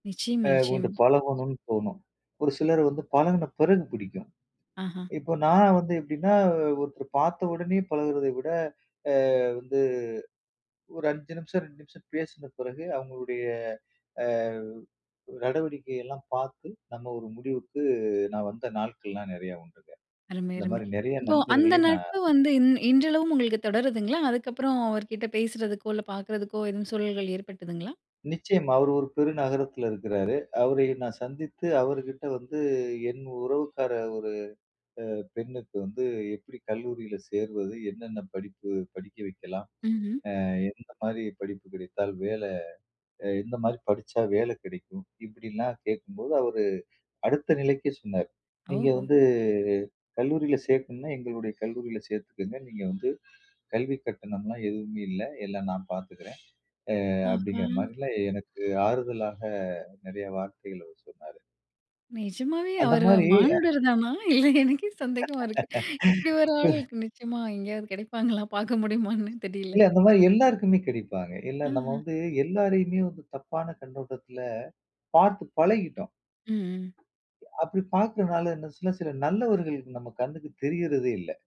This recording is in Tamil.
அ நிச்சயமா, இவன்ட்ட நிச்சயம். பழகணும்ன்னு தோணும். ஒரு சிலர் வந்து பழகுன பிறகு பிடிக்கும். ஆஹா. இப்ப நா வந்து எப்படீன்னா, ஒருத்தர பார்த்த உடனே பழகுறத விட அ வந்து ஒரு 5 நிமிஷம் 2 நிமிஷம் பேசுன பிறகு அவங்களுடைய அ நடவடிக்கையெல்லாம் பார்த்து நம்ம ஒரு முடிவுக்கு நான் வந்த நாட்கள்லாம் நெறைய உண்டுங்க. அருமை, அந்த அருமை. மாரி நெறைய இப்போ அந்த நண்பர்களை நா நட்பு வந்து இன் இன்றளவும் உங்களுக்கு தொடருதுங்களா? அதுக்கப்பறம் அவர்கிட்ட பேசுறதுக்கோ, இல்ல பார்க்கறதுக்கோ எதுவும் சூழல்கள் ஏற்பட்டதுங்களா? நிச்சயமா. அவர் ஒரு பெருநகரத்தில இருக்கிறாரு. அவரை நான் சந்தித்து அவருகிட்ட வந்து என் உறவுக்கார ஒரு அ பெண்ணுக்கு வந்து, "எப்படி கல்லூரியில சேர்வது? என்னென்ன படிப்பு படிக்க வைக்கலாம்? ம்ஹ்ம். அ எந்த மாதிரி படிப்பு கிடைத்தால், வேலை அ எந்த மாதிரி படிச்சா வேலை கிடைக்கும்?" இப்படில்லாம் கேட்கும்போது, அவரு அடுத்த நிலைக்கே சொன்னார். "நீங்க ஓஹோ! வந்து கல்லூரியில சேர்க்கணும்ன்னா, எங்களுடைய கல்லூரியில சேர்த்துக்கங்க. நீங்க வந்து கல்வி கட்டணம்ல்லாம் எதுவுமே இல்லை. எல்லாம் நா பார்த்துக்கிறேன்." அ அப்படீங்கிற ஆஹா. மாரில்லாம் எனக்கு ஆறுதலாக நெறைய வார்த்தைகள் அவர் சொன்னாரு. நெஜமாவே அந்த அவரு மாரி, அ மானுடர் தானா? இல்ல எனக்கே சந்தேகமா இருக்கு. இப்படி ஒரு ஆளு நிச்சயமா எங்கேயாவது கெடைப்பாங்களா? பார்க்க முடியுமான்னு தெரியல. இல்ல அந்த மாரி எல்லாருக்குமே கிடைப்பாங்க. இல்ல நம்ம ம்ஹ்ம். வந்து எல்லாரையுமே வந்து தப்பான கண்ணோட்டத்தில பார்த்து பழகிட்டோம் ம். அப்படி பாக்குறனால இன்னும் சில சில நல்லவர்கள் நம்ம கண்ணுக்கு தெரியறதே இல்ல.